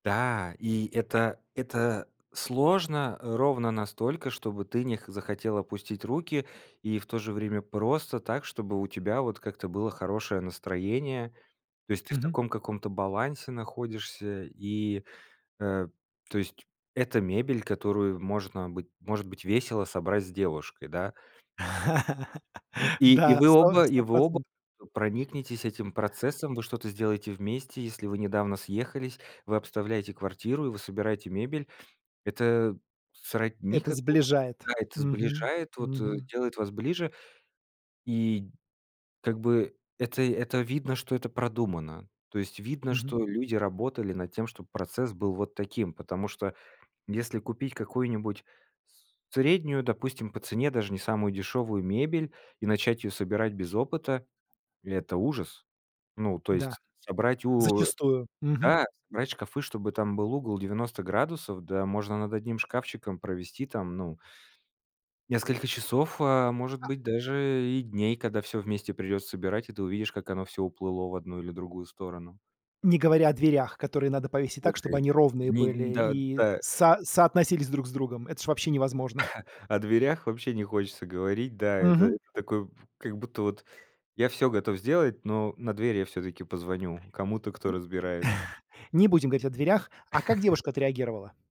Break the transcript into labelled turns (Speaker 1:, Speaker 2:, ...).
Speaker 1: Да, и это это сложно, э, ровно настолько, чтобы ты не х захотел опустить руки, и в то же время просто так, чтобы у тебя вот как-то было хорошее настроение. То есть ты в
Speaker 2: Мгм.
Speaker 1: таком каком-то балансе находишься, и, э, то есть это мебель, которую можно быть может быть, весело собрать с девушкой, да. И и
Speaker 2: Да,
Speaker 1: вы
Speaker 2: сто
Speaker 1: оба и
Speaker 2: сто
Speaker 1: вы оба
Speaker 2: процентов.
Speaker 1: проникнетесь этим процессом, вы что-то сделаете вместе. Если вы недавно съехались, вы обставляете квартиру, и вы собираете мебель, это сродни
Speaker 2: Это
Speaker 1: какому-то
Speaker 2: сближает.
Speaker 1: да, это
Speaker 2: Мгм.
Speaker 1: сближает, вот, э,
Speaker 2: Мгм.
Speaker 1: делает вас ближе, и как бы это это видно, что это продумано. То есть видно,
Speaker 2: Мгм.
Speaker 1: что люди работали над тем, чтоб процесс был вот таким. Потому что если купить какую-нибудь с среднюю, допустим, по цене, даже не самую дешевую мебель, и начать ее собирать без опыта- это ужас. Ну, то
Speaker 2: Да,
Speaker 1: есть собрать у
Speaker 2: зачастую. Мгм.
Speaker 1: да, собрать шкафы, чтобы там был угол 90 градусов, да можно над одним шкафчиком провести там, ну несколько часов, а, может
Speaker 2: А
Speaker 1: быть, даже и дней, когда всё вместе придется собирать, и ты увидишь, как оно всё уплыло в одну или другую сторону.
Speaker 2: Не говоря о дверях, которые надо повесить так, чтобы
Speaker 1: Окей,
Speaker 2: они ровные
Speaker 1: не, н
Speaker 2: были
Speaker 1: да,
Speaker 2: и
Speaker 1: да.
Speaker 2: со соотносились друг с другом. Это ж вообще невозможно.
Speaker 1: О дверях вообще не хочется говорить, да, это это
Speaker 2: Мгм.
Speaker 1: такое, в как будто, вот я всё готов сделать, но на дверь я всё-таки
Speaker 2: М,
Speaker 1: позвоню кому-то, кто разбирается.
Speaker 2: не будем говорить о дверях. А как девушка отреагировала?